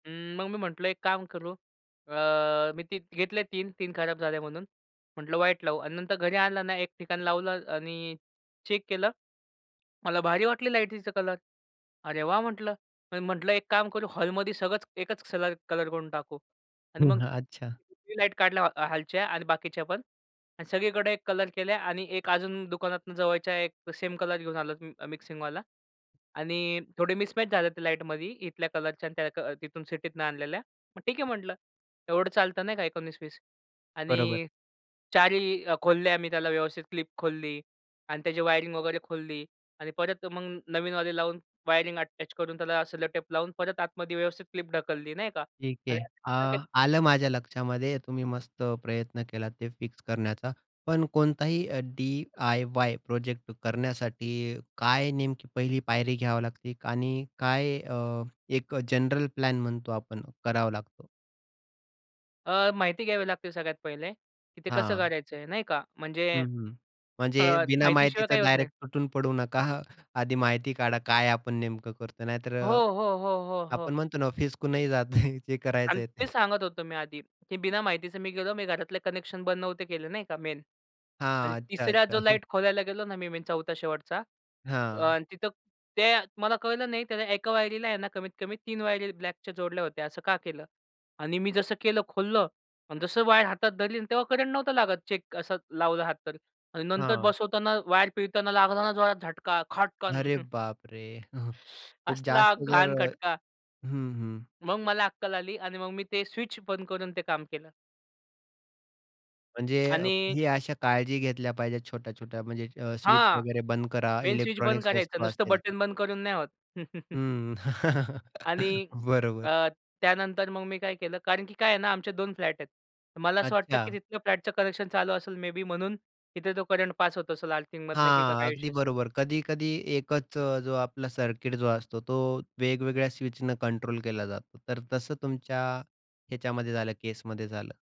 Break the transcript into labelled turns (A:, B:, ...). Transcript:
A: हं, मग मी म्हटलं एक काम करू, अ, मी ती घेतले 3-3 खराब झाले म्हणून. म्हटलं व्हाइट लावू आणि नंतर घरी आणलं ना, एक ठिकाण लावलं आणि चेक केलं, मला भारी वाटली लाईटचा कलर. अरे वाह! म्हटलं. मी म्हटलं एक काम करू. हॉलमध्ये सगळंच एकच कलर कलर करून टाकू आणि मग
B: हं, अच्छा.
A: ती लाईट काढल्या हॉलच्या आणि बाकीच्या पण आणि सगळीकडे एक कलर केलं आणि एक अजून दुकानातून जवळच्या एक सेम कलर घेऊन आलो, मि मिक्सिंगवाला आणि थोडे मिसमॅच झाले ते लाईटमध्ये इथल्या कलरच्या आणि त्या अ, तिथून सिटीतनं आणलेल्या, मग ठीक आहे म्हटलं, एवढं चालतं नाही का? 19-20
B: बरोबर.
A: आणि 4 ही अ, खोलल्या अ, मी त्याला व्यवस्थित क्लिप खोलली आणि त्याची वायरिंग वगैरे खोलली आणि परत मग नवीनवाले लावून वायरिंग अटॅच करून त्याला सेलो टेप लावून, परत आतमध्ये व्यवस्थित क्लिप ढकलली. नाही का?
B: ठीक
A: आणि
B: आहे.
A: नंतर ते
B: अ, आलं माझ्या लक्षामध्ये. तुम्ही मस्त प्रयत्न केला ते फिक्स करण्याचा, पण कोणताही अ, डी-आय-वाय प्रोजेक्ट करण्यासाठी काय नेमकी पहिली पायरी घ्यावी लागते आणि काय अ, एक अ, जनरल प्लॅन म्हणतो आपण, करावा लागतो?
A: अ, माहिती घ्यावी लागते सगळ्यात पहिले की ते कसं
B: हां.
A: कारायचं आहे. नाही का? म्हणजे
B: हं, हं.
A: अ,
B: म्हणजे बिना
A: माहितीशिवाय
B: माहितीचं
A: काही होत नाही.
B: डायरेक्ट तुटून पडू नका. आधी माहिती काढा काय आपण नेमकं करतो. नाहीतर
A: हो,
B: अ,
A: हो, हो, हो, हो.
B: आपण म्हणतो ना, फीसकूनही जातं जे करायचं
A: आणि
B: आहे
A: तेच
B: ते.
A: सांगत होतो मी आधी की बिना माहितीचे मी गेलो, मी घरातले कनेक्शन बंद नव्हते केले, नाही का मेन आणि
B: हां. अच्छा,
A: तिसरा
B: अच्छा.
A: जो लाईट खोलायला गेलो ना, मी मी चौथा शेवटचा
B: हां.
A: अ, तिथं ते मला कळलं नाही, त्याला एका वायरीला आहे ना, कमीत कमी 3 वायरी ब्लॅकच्या जोडल्या होत्या. असं का केलं? आणि मी जसं केलं खोललं, अन जसं वायर हातात धरली, तेव्हा करंट नव्हतं लागत चेक असा लावला हात तर आणि नंतर
B: हां.
A: बसवताना वायर पिळताना लागला ना जोरात झटका, खटकन.
B: अरे बापरे! हं, खूप
A: असला
B: जास्त जर
A: घाण खटका.
B: हं, हं.
A: मग मला अक्कल आली आणि मग मी ते स्विच बंद करून ते काम केलं.
B: म्हणजे अ,
A: आणि
B: ही अशा काळजी घेतल्या पाहिजेत, छोट्या-छोट्या म्हणजे अ, स्विच
A: हां.
B: वगैरे बंद करा,
A: मेन स्विच बंद
B: इलेक्ट्रॉनिक्स
A: करायचं.
B: वस्तू
A: नुसतं
B: असेल तर.
A: बटन बंद करून नाही होत.
B: हं.
A: आणि
B: बरोबर.
A: अ, त्यानंतर मग मी काय केलं? कारण की काय आहे ना, आमचे 2 फ्लॅट आहेत. मला असं वाटतं, की
B: अच्छा.
A: तिथलं फ्लॅटचं कनेक्शन चालू असेल मे बी म्हणून तिथे तो करंट पास होत असेल, आर्थिंगमधनं की
B: हां,
A: काय इशू
B: अगदी
A: असेल.
B: बरोबर. कधी-कधी एकच जो आपला सर्किट जो असतो तो, वेगवेगळ्या स्विचनं कंट्रोल केला जातो, तर तसं तुमच्या ह्याच्यामध्ये झालं, केसमध्ये झालं.